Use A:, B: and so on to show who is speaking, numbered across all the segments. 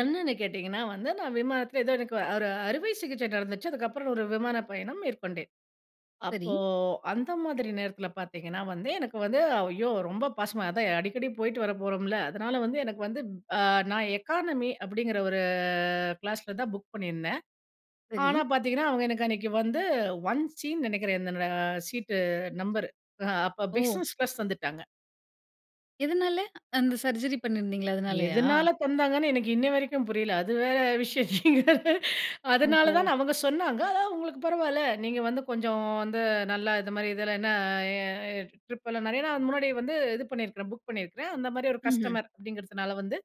A: என்னன்னு கேட்டிங்கன்னா வந்து, நான் விமானத்தில ஏதோ எனக்கு வரு ஒரு அறுவை சிகிச்சை நடந்துச்சு. அதுக்கப்புறம் ஒரு விமான பயணம் மேற்கொண்டேன்.
B: சரி.
A: அப்போ அந்த மாதிரி நேரத்தில பார்த்தீங்கன்னா, வந்து எனக்கு வந்து ஐயோ ரொம்ப பாசமா அதான் அடிக்கடி போய்ட்டு வர போறோம்ல, அதனால வந்து எனக்கு வந்து நான் எக்கானமி அப்படிங்கிற ஒரு கிளாஸில தான் புக் பண்ணியிருந்தேன்.
B: சரி.
A: ஆனா பார்த்தீங்கன்னா, அவங்க எனக்கு அன்னைக்கு வந்து ஒன் சின்னு நெனைக்கிறேன். இந்த சீட்டு நம்பர் அப்போ
B: ஓ!
A: Business class தந்துட்டாங்க.
B: எதனால அந்த சர்ஜரி பண்ணியிருந்தீங்களே அதனாலயா?
A: எதனால தந்தாங்கன்னு எனக்கு இன்னைய வரைக்கும் புரியல, அது வேற விஷயம். அதனால
B: ஓஹோ!
A: தான் அவங்க சொன்னாங்க "அதான் உங்களுக்கு பரவாயில்ல. நீங்க வந்து கொஞ்சம் வந்து நல்லா இது மாதிரி இதில என்ன ட்ரிப் எல்லாம் நிறைய நாள் முன்னாடி வந்து இது பண்ணியிருக்கிறேன், புக் பண்ணியிருக்கிறேன். அந்த மாதிரி ஒரு
B: ம்ஹும்.
A: கஸ்டமர் அப்படிங்கிறதுனால வந்து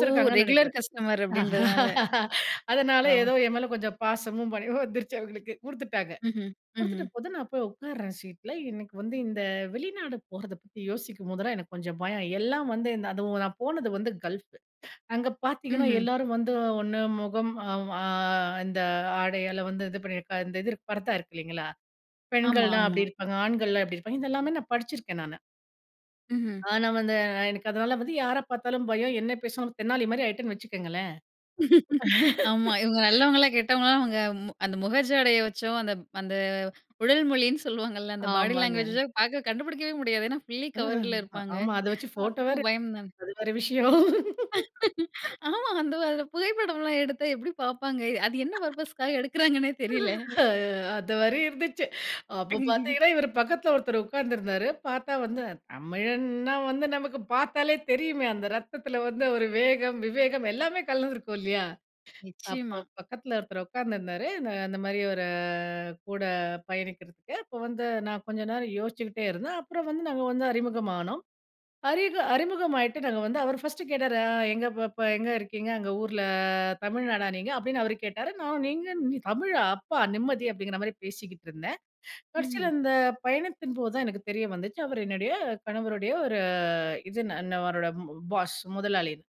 B: ஓஹ்! ரெகுலர்
A: நெனைக்கிறேன்."
B: கஸ்டமர் அப்படின்றதுனால.
A: அதனால
B: ஆ.
A: ஏதோ என் மேல கொஞ்சம் பாசமும் பணிவும் வந்துருச்சு அவுங்களுக்கு குடுத்துட்டாங்க.
B: ம்ஹும்.
A: குடுத்துட்ட
B: ம்ஹும்.
A: போது நான் போய் உட்காருறேன் சீட்ல. எனக்கு வந்து இந்த வெளிநாடு போறத பத்தி யோசிக்கும்போதெல்லாம் எனக்கு கொஞ்சம் பயம். எல்லாம் வந்து இந்த அதுவும் நான் போனது வந்து கல்ஃப் அங்க பார்த்தீங்கன்னா
B: ம்ஹும்.
A: எல்லோரும் வந்து ஒண்ணு முகம் இந்த அ ஆடையால வந்து இது பண்ணியிருக்கா இந்த இது பரத்தா இருக்கு இல்லைங்களா?
B: ஆமா,
A: பெண்கள்லாம்
B: ஆமா.
A: அப்டி இருப்பாங்க, "ஆண்கள்லாம் எப்டி இருப்பாங்க?" இத எல்லாமே நான் படிச்சிருக்கேன் நானு.
B: ம்ஹும்.
A: ஆ நான் வந்து எனக்கு அதனால வந்து யார பார்த்தாலும் பயம். என்ன பேசும் தென்னாலி மாரி ஆயிட்டேன்னு வச்சுக்கோங்களேன்.
B: ஆமா, இவங்க நல்லவங்களா? கெட்டவங்களா? அவங்க அந்த முக ஜாடைய வச்சோ, அந்த அந்த உடல் மொழின்னு சொல்லுவாங்கல்ல அந்த பாடி
A: ஆமாங்க.
B: லேங்குவேஜ பார்க்க கண்டுபிடிக்கவே முடியாது. ஏனா, ஃபுல்லி கவர்ல
A: ஆ
B: இருப்பாங்க.
A: ஆமா. அத வெச்சு போட்டோ
B: அப்போ
A: வேற,
B: பயம் தான்.
A: அது வேற விஷயம்.
B: ஆமா, அந்த புகைப்படம்லாம் எடுத்தா எப்டி பார்ப்பாங்க? அது என்ன பர்ப்பஸ்காக எடுக்கிறாங்கன்னே தெரியல.
A: அந்த மாரி இருந்துச்சு. அப்ப பார்த்தீங்கன்னா, இவர் பக்கத்தில ஒருத்தர் உட்கார்ந்திருந்தாரு. பார்த்தா வந்து தமிழன்னா வந்து நமக்கு பார்த்தாலே தெரியுமே. அந்த ரத்தத்தில வந்து ஒரு வேகம், விவேகம் எல்லாமே கலந்திருக்கும். இல்லையா? அப்போ
B: நிச்சயமா.
A: பக்கத்தில ஒருத்தர் உட்கார்ந்திருந்தாரு. அந்த மாரி ஒரு கூட பயணிக்கிறதுக்கு. அப்போ வந்து நான் கொஞ்ச நேரம் யோசிச்சுக்கிட்டே இருந்தேன். அப்புறம் வந்து நாங்க வந்து அறிமுகம்னோம். அறிக அறிமுகமாகிட்டு நாங்க வந்து அவர் ஃபர்ஸ்ட்டு கேட்டாரு "எங்க பாப்பா? எங்க இருக்கீங்க? அங்க ஊரில தமிழ்நாடா நீங்க?" அப்படீன்னு அவர் கேட்டாரு. நான் "நீங்க தமிழா? அப்பா நிம்மதி!" அப்படிங்கிற மாதிரி பேசிக்கிட்டு இருந்தேன்.
B: ம்ஹ்ம்.
A: கடைசியில இந்த பயணத்தின் போது தான் எனக்கு தெரிய வந்துச்சு. அவர் என்னுடைய கணவருடைய ஒரு இது அவரோட பாஸ் முதலாளின்னு.